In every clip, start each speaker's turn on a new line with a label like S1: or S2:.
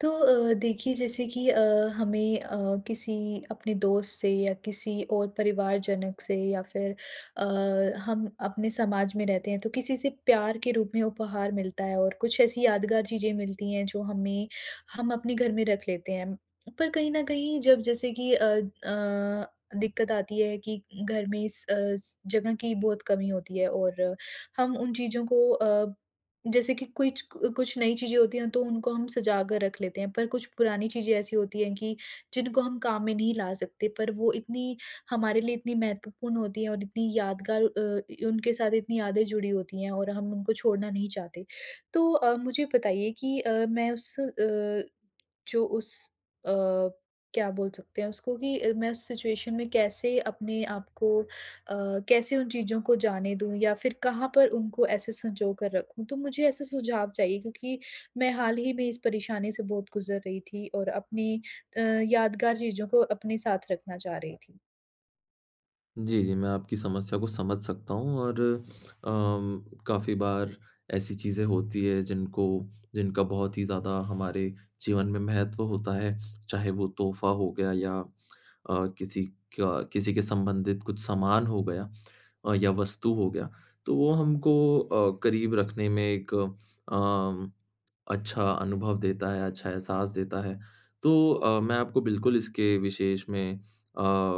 S1: तो अ, देखिए, जैसे कि अ, हमें अ, किसी अपने दोस्त से या किसी और परिवारजनक से या फिर अ, हम अपने समाज में रहते हैं, तो किसी से प्यार के रूप में उपहार मिलता है और कुछ ऐसी यादगार चीज़ें मिलती हैं, जो हमें हम अपने घर में रख लेते हैं। पर कहीं न कहीं, जब जैसे कि अ अ, दिक़्कत आती है कि घर में इस अस जगह की बहुत कमी होती है और हम उन चीज़ों को अ, जैसे कि कुछ क कुछ नई चीज़ें होती हैं, तो उनको हम सजा कर रख लेते हैं, पर कुछ पुरानी चीज़ें ऐसी होती हैं कि जिनको हम काम में नहीं ला सकते, पर वो इतनी हमारे लिए इतनी महत्वपूर्ण होती हैं और इतनी यादगार अ, इ उनके साथ इतनी यादें जुड़ी होती हैं और हम उनको छोड़ना नहीं चाहते। तो अ, मुझे बताइए कि अ, मैं उस अ, जो उस अ, क्या बोल सकते हैं उसको कि अ, मैं उस सिचुएशन में कैसे अपने आप को अ, कैसे उन चीज़ों को जाने दूँ या फिर कहाँ पर उनको ऐसे संजोकर रखूँ? तो मुझे ऐसे सुझाव चाहिए क्योंकि मैं हाल ही में इस परेशानी से बहुत गुज़र रही थी और अपनी अ, यादगार चीज़ों को अपने साथ रखना चाह रही थी।
S2: जी, जी। मैं आपकी समस्या को समझ सकता हूँ और अम काफ़ी बार ऐसी चीज़ें होती हैं, जिनको जिनका बहुत ही ज़्यादा हमारे जीवन में महत्व होता है। चाहे वो तोहफा हो गया या अ, किसी का किसी के संबंधित कुछ सामान हो गया, अ, या वस्तु हो गया। तो वो हमको अ, करीब रखने में एक अ, म अच्छा अनुभव देता है, अच्छा एहसास देता है। तो अ, मैं आपको बिल्कुल इसके विशेष में अ,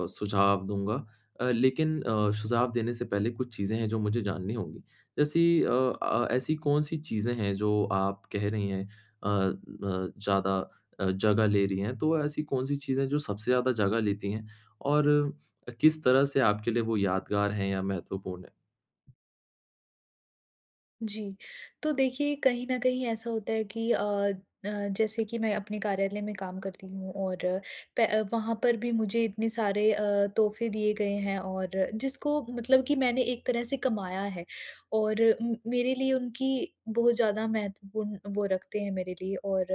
S2: सुझाव दूँगा। अ, लेकिन अ, सुझाव देने से पहले कुछ चीज़ें हैं, जो मुझे जाननी होंगी। जैसी अ अ, ऐसी कौन-सी चीज़ें हैं? जो आप कह रही हैं, अ अ, ज़्यादा अ, जगह ले रही हैं। तो ऐसी कौन-सी चीज़ें हैं, जो सबसे ज़्यादा जगह लेती हैं? और अ, किस तरह से आपके लिए वो यादगार हैं या महत्वपूर्ण है?
S1: जी। तो देखिए कहीं न कहीं ऐसा होता है कि अ अ, जैसे कि मैं अपने कार्यालय में काम करती हूँ और प वहाँ पर भी मुझे इतने सारे अ, तोहफे दिए गए हैं और जिसको मतलब कि मैंने एक तरह से कमाया है। और उम, मेरे लिए उनकी बहुत ज़्यादा महत्वपूर्ण वो रखते हैं मेरे लिए, और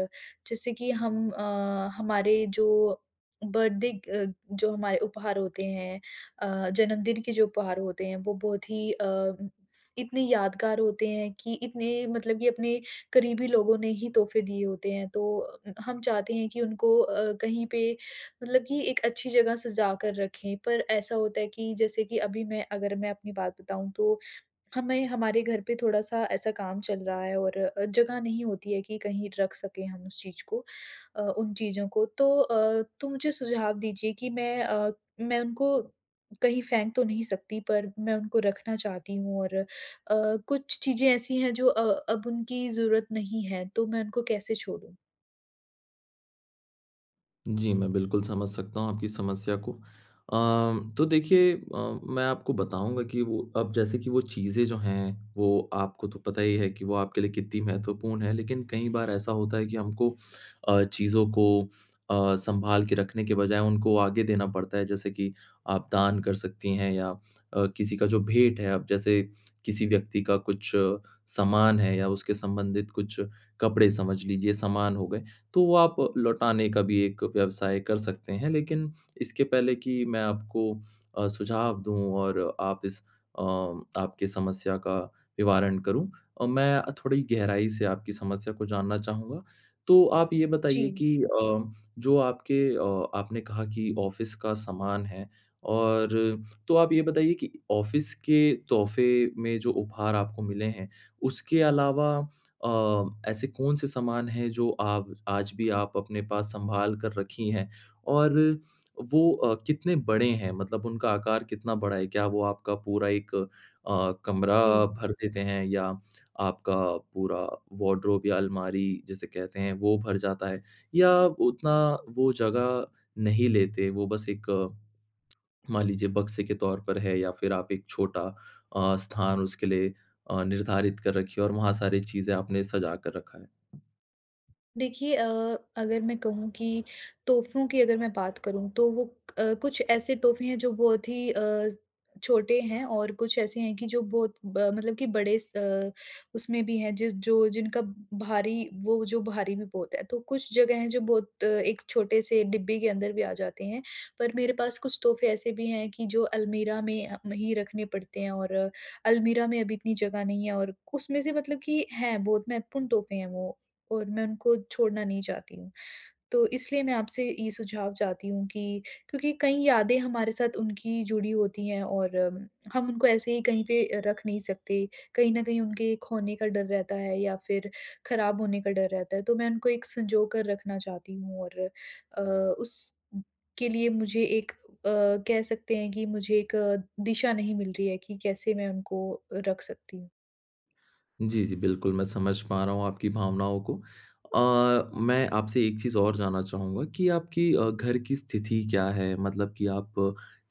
S1: जैसे कि हम अ, हमारे जो बर्थडे ग अ, जो हमारे उपहार होते हैं, अ, जन्मदिन के जो उपहार होते हैं। वो बहुत ही अम इतने यादगार होते हैं, कि इतने मतलब ये अपने करीबी लोगों ने ही तोहफे दिए होते हैं। तो अ, हम चाहते हैं कि उनको अ, कहीं पे मतलब कि एक अच्छी जगह सजा कर रखें। पर ऐसा होता है कि जैसे कि अभी मैं अगर मैं अपनी बात बताऊँ तो, हमें हमारे घर पे थोड़ा-सा ऐसा काम चल रहा है और जगह नहीं होती है कि कहीं रख सकें हम उस चीज़ को अ, उन चीज़ों को। तो अ, तो मुझे सुझाव दीजिए कि मैं अ, मैं उनको कहीं फेंक तो नहीं सकती पर, मैं उनको रखना चाहती हूँ और अ, कुछ चीज़ें ऐसी हैं जो अ, अब उनकी जरूरत नहीं है, तो मैं उनको कैसे छोड़ूँ?
S2: जी, मैं बिल्कुल समझ सकता हूँ आपकी समस्या को। अ, तो देखिए अ, मैं आपको बताऊँगा कि वो अब जैसे कि वो चीज़ें जो हैं, वो आपको तो पता ही है कि वो आपके लिए कितनी महत्वपूर्ण है। लेकिन कई बार ऐसा होता है कि हमको अ, चीज़ों को अ, सँभाल के रखने के बजाय उनको आगे देना पड़ता है। जैसे कि आप दान कर सकती हैं या अ, किसी का जो भेंट है अब जैसे किसी व्यक्ति का कुछ सामान है या उसके संबंधित कुछ कपड़े समझ लीजिए समान हो गए, तो वो आप लौटाने का भी एक व्यवसाय कर सकते हैं। लेकिन इसके पहले कि मैं आपको अ, सुझाव दूँ और आप इस अ, आपकी समस्या का निवारण करूँ, अ, मैं अ, थोड़ी गहराई से आपकी समस्या को जानना चाहूँगा। तो आप ये बताइए
S1: जी।
S2: कि अ, जो आपके अ, आपने कहा कि ऑफ़िस का सामान है, और तो आप ये बताइए कि ऑफ़िस के तोहफे में जो उपहार आपको मिले हैं, उसके अलावा अ, ऐसे कौन से सामान हैं जो आप आज भी आप अपने पास सँभाल कर रखी हैं? और वो अ, कितने बड़े हैं मतलब उनका आकार कितना बड़ा है? क्या वो आपका पूरा एक अ, कमरा
S1: जी।
S2: भर देते हैं या आपका पूरा वार्डरोब या अलमारी जिसे कहते हैं वो भर जाता है? या उतना वो जगह नहीं लेते वो बस एक मान लीजिए बक्से के तौर पर है? या फ़िर आप एक छोटा अ, स्थान उसके लिए अ, निर्धारित कर रखी हो और वहाँ सारी चीज़ें आपने सजा कर रखा है?
S1: देखिए अ, अगर मैं कहूँ कि तोहफ़ों की अगर मैं बात करूँ तो वो अ, कुछ ऐसे तोहफ़े हैं जो बहुत ही अ, छोटे हैं और कुछ ऐसे हैं कि जो बहुत ब मतलब कि बड़े स अ, उसमें भी हैं ज जो जिनका भारी वो जो भारी भी बहुत हैं। तो कुछ जगह हैं जो बहुत अ, एक छोटे-से डिब्बे के अंदर भी आ जाते हैं, पर मेरे पास कुछ तोहफ़े ऐसे भी हैं कि जो अलमीरा में अ, मही रखने पड़ते हैं और अलमीरा में अभी इतनी जगह नहीं है। और उसमें से मतलब कि हैं बहुत महत्वपूर्ण तोहफ़े हैं वो और मैं उनको छोड़ना नहीं चाहती हूँ। तो इसलिए मैं आपसे ये सुझाव चाहती हूँ कि क्योंकि कई यादें हमारे साथ उनकी जुड़ी होती हैं और अम हम उनको ऐसे ही कहीं पे रख नहीं सकते। कहीं न कहीं उनके खोने का डर रहता है या फिर ख़राब होने का डर रहता है, तो मैं उनको एक संजोकर रखना चाहती हूँ। और अ, उसके लिए मुझे एक अ, कह सकते हैं कि मुझे एक दिशा नहीं मिल रही है कि कैसे मैं उनको रख सकती हूँ।
S2: जी, जी बिल्कुल मैं समझ पा रहा हूँ आपकी भावनाओं को। अ, मैं आपसे एक चीज़ और जानना चाहूँगा कि आपकी अ, घर की स्थिति क्या है? मतलब कि आप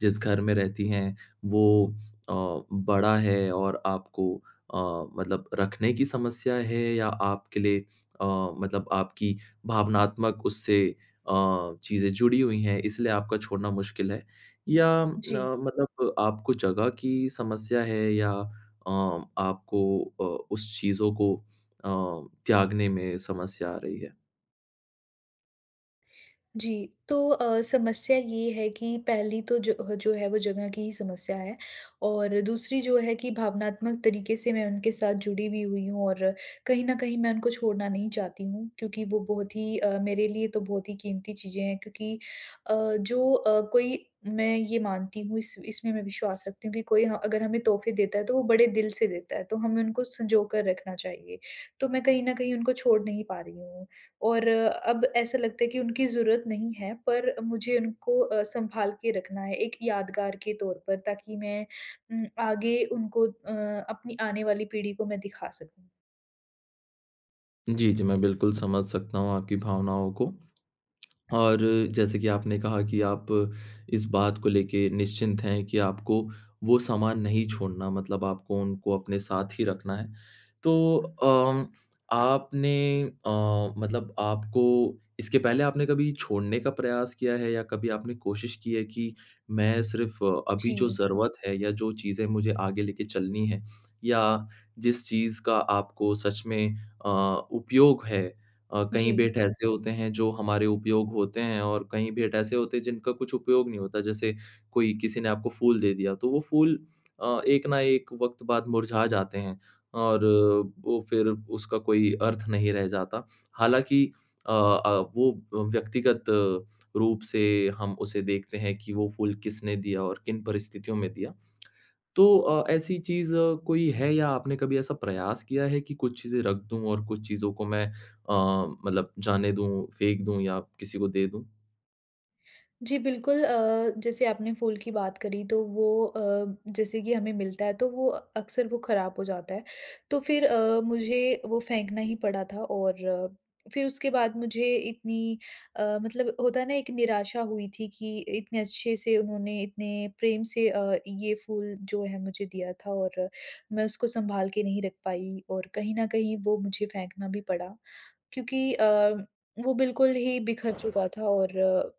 S2: जिस घर में रहती हैं वो अ, बड़ा है और आपको अ, मतलब रखने की समस्या है या आपके लिए अ, मतलब आपकी भावनात्मक उससे अ, चीज़ें जुड़ी हुई हैं इसलिए आपका छोड़ना मुश्किल है? या
S1: जी।
S2: न मतलब आपको जगह की समस्या है या अ आपको अ, उस चीज़ों को अ, त्यागने में समस्या आ रही है?
S1: जी। तो अ, समस्या ये है कि पहली तो जो ह जो है वो जगह की ही समस्या है और दूसरी जो है कि भावनात्मक तरीके से मैं उनके साथ जुड़ी भी हुई हूँ और कहीं न कहीं मैं उनको छोड़ना नहीं चाहती हूँ क्योंकि वो बहुत ही अ, मेरे लिए तो बहुत ही कीमती चीज़ें हैं क्योंकि अ, जो अ, कोई मैं ये मानती हूँ इस इसमें मैं विश्वास रखती हूँ कि कोई हाँ अगर हमें तोहफे देता है तो वो बड़े दिल से देता है तो हमें उनको संजोकर रखना चाहिए। तो मैं कहीं न कहीं उनको छोड़ नहीं पा रही हूँ, और अब ऐसा लगता है कि उनकी ज़रूरत नहीं है पर मुझे उनको अ, सँभाल के रखना है एक यादगार के तौर पर ताकि मैं उम, आगे उनको अ, अपनी आने वाली पीढ़ी को मैं दिखा सकूँ।
S2: जी, जी, मैं बिल्कुल समझ सकता हूँ आपकी भावनाओं को। और जैसे कि आपने कहा कि आप इस बात को लेके निश्चिंत हैं कि आपको वो सामान नहीं छोड़ना, मतलब आपको उनको अपने साथ ही रखना है। तो अम आपने अ, मतलब आपको इसके पहले आपने कभी छोड़ने का प्रयास किया है या कभी आपने कोशिश की है कि मैं सिर्फ़ अभी जो
S1: जी।
S2: ज़रूरत है या जो चीज़ें मुझे आगे लेके चलनी है, या जिस चीज़ का आपको सच में अ, उपयोग है अ, कई
S1: जी।
S2: भेंट ऐसे होते हैं जो हमारे उपयोग होते हैं और कईं भेंट ऐसे होते हैं जिनका कुछ उपयोग नहीं होता, जैसे कोई किसी ने आपको फूल दे दिया, तो वो फूल अ, एक ना एक वक़्त बाद मुरझा जाते हैं, और वो फिर उसका कोई अर्थ नहीं रह जाता। हालाँकि अ अ, वो अ, व्यक्तिगत रूप से हम उसे देखते हैं कि वो फूल किसने दिया और किन परिस्थितियों में दिया। तो अ, ऐसी चीज़ कोई है या आपने कभी ऐसा प्रयास किया है कि कुछ चीज़ें रख दूँ और कुछ चीज़ को मैं अ, मतलब जाने दूँ, फेंक दूँ, या किसी को दे दूँ?
S1: जी बिल्कुल अ, जैसे आपने फूल की बात करी तो वो अ, जैसे कि हमें मिलता है तो वो अक्सर वो खराब हो जाता है। तो फिर अ, मुझे वो फेंकना ही पड़ा था और फिर उसके बाद मुझे इतनी अ, मतलब होता है ना एक निराशा हुई थी कि इतने अच्छे से उन्होंने, इतने प्रेम से अ, ये फूल जो है मुझे दिया था और मैं उसको सँभाल के नहीं रख पाई और कहीं न कहीं वो मुझे फेंकना भी पड़ा। क्योंकि अ, वो बिल्कुल ही बिखर चुका था और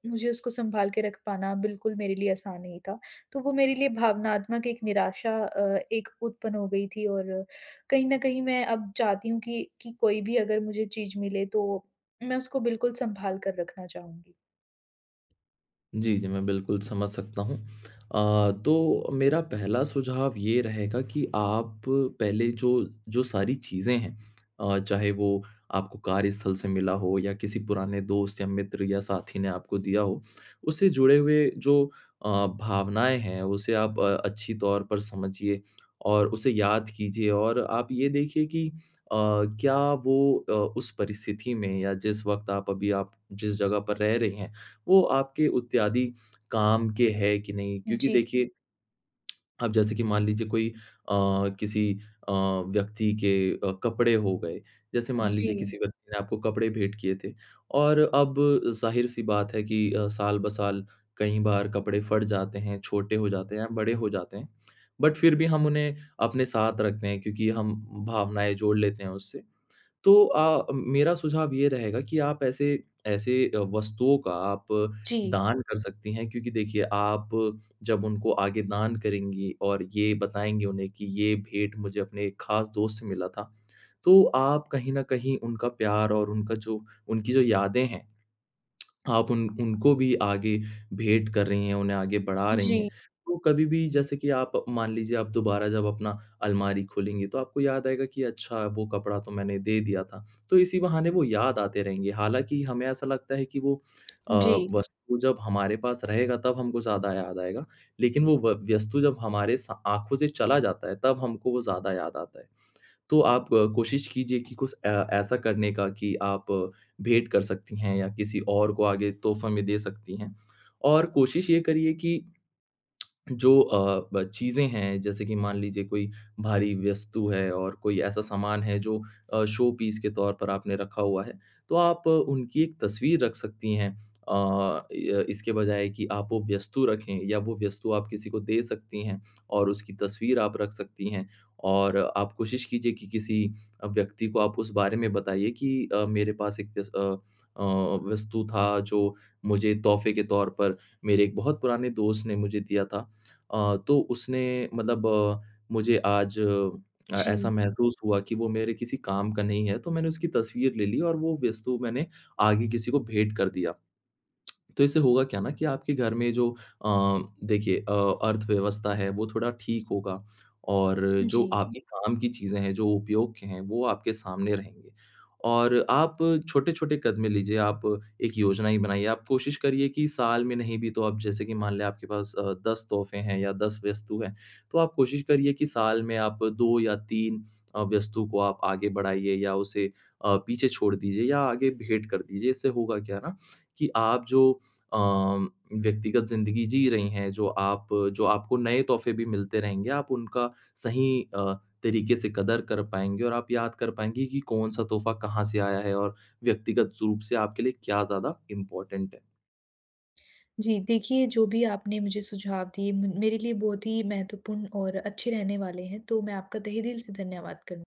S1: मुझे उसको सँभाल के रख पाना बिल्कुल मेरे लिए आसान नहीं था। तो वो मेरे लिए भावनात्मक एक निराशा अ, एक उत्पन्न हो गई थी और कहीं न कहीं मैं अब चाहती हूँ की कि कोई भी अगर मुझे चीज़ मिले तो मैं उसको बिल्कुल सँभाल कर रखना चाहूँगी।
S2: जी, जी मैं बिल्कुल समझ सकता हूँ। अ, तो मेरा पहला सुझाव ये रहेगा कि आप पहले जो, जो सारी चीज़ें हैं अ, चाहे वो आपको कार्यस्थल से मिला हो या किसी पुराने दोस्त या मित्र या साथी ने आपको दिया हो। उससे जुड़े हुए जो अ, भावनाएँ हैं उसे आप अ, अच्छी तौर पर समझिए और उसे याद कीजिए और आप ये देखिए कि अ, क्या वो अ, उस परिस्थिति में या जिस वक़्त आप अभी आप जिस जगह पर रह रहे हैं, वो आपके इत्यादि काम के है कि नहीं, क्योंकि
S1: जी।
S2: देखिए अब जैसे कि मान लीजिए कोई अ, किसी अ, व्यक्ति के अ, कपड़े हो गए। जैसे मान लीजिए
S1: जी।
S2: किसी व्यक्ति ने आपको कपड़े भेंट किए थे, और अब ज़ाहिर-सी बात है कि अ, साल-ब-साल कई बार कपड़े फट जाते हैं, छोटे हो जाते हैं या बड़े हो जाते हैं। बट फिर भी हम उन्हें अपने साथ रखते हैं क्योंकि हम भावनाएँ जोड़ लेते हैं उससे। तो अ अ, मेरा सुझाव ये रहेगा कि आप ऐसे ऐसे वस्तुओं का आप
S1: जी।
S2: दान कर सकती हैं, क्योंकि देखिए आप जब उनको आगे दान करेंगी और ये बताएँगी उन्हें कि ये भेंट मुझे अपने खास दोस्त से मिला था, तो आप कहीं न कहीं उनका प्यार और उनका जो उनकी जो यादें हैं, आप उन उनको भी आगे भेंट कर रही हैं, उन्हें आगे बढ़ा रही
S1: जी।
S2: हैं। तो कभी भी जैसे कि आप मान लीजिए आप दोबारा जब अपना अलमारी खोलेंगी तो आपको याद आएगा कि अच्छा वो कपड़ा तो मैंने दे दिया था। तो इसी बहाने वो याद आते रहेंगे हालाँकि हमें ऐसा लगता है कि वो अ,
S1: जी।
S2: वस्तु जब हमारे पास रहेगा तब हमको ज़्यादा याद आएगा। लेकिन वो व वस्तु जब हमारे सा आँखों से चला जाता है तब हमको वो ज़्यादा याद आता है। तो आप कोशिश कीजिए कि कुछ ए ऐसा करने का कि आप भेंट कर सकती हैं या किसी और को आगे तोहफ़ा में दे सकती है। और कोशिश ये करिए कि जो अ, ब चीज़ें हैं जैसे कि मान लीजिए कोई भारी वस्तु है और कोई ऐसा सामान है जो अ, शो पीस के तौर पर आपने रखा हुआ है तो आप उनकी एक तस्वीर रख सकती हैं। अ, य इसके बजाय कि आप वो वस्तु रखें या वो वस्तु आप किसी को दे सकती हैं और उसकी तस्वीर आप रख सकती हैं। और आप कोशिश कीजिए कि किसी अ, व्यक्ति को आप उस बारे में बताइए कि अ, मेरे पास एक एस अ अ, वस्तु था जो मुझे तोहफ़े के तौर पर मेरे एक बहुत पुराने दोस्त ने मुझे दिया था। अ, तो उसने मतलब मुझे आज अ,
S1: जी।
S2: महसूस हुआ कि वो मेरे किसी काम का नहीं है। तो मैंने उसकी तस्वीर ले ली और वो वस्तु मैंने आगे किसी को भेंट कर दिया। तो इससे होगा क्या न कि आपके घर में जो अ, देखिए अ, अर्थव्यवस्था है, वो थोड़ा ठीक होगा और जो
S1: जी।
S2: आपकी काम की चीजें हैं, जो उपयोग के हैं, वो आपके सामने रहेंगे। और आप छोटे-छोटे कदमें लीजिए, आप एक योजना ही बनाइए। आप कोशिश करिए कि साल में नहीं भी तो आप जैसे कि मान लें आपके पास अ, 10 तोहफ़े हैं या 10 वस्तु हैं, तो आप कोशिश करिए कि साल में आप 2 या 3 अ, वस्तु को आप आगे बढ़ाइए या उसे अ, पीछे छोड़ दीजिए या आगे भेंट कर दीजिए। इससे होगा क्या न कि आप जो अ, व्यक्तिगत ज़िंदगी जी रही हैं, जो आप जो आपको नए तोहफ़े भी मिलते रहेंगे, आप उनका सही अ, तरीके से कदर कर पाएँगे और आप याद कर पाएँगी कि कौन सा तोहफ़ा कहाँ से आया है और व्यक्तिगत स रूप से आपके लिए क्या ज़्यादा इम्पोर्टेंट है।
S1: जी, देखिए जो भी आपने मुझे सुझाव दिए म मेरे लिए बहुत ही महत्वपूर्ण और अच्छे रहने वाले हैं। तो मैं आपका तहे दिल से धन्यवाद करूँ।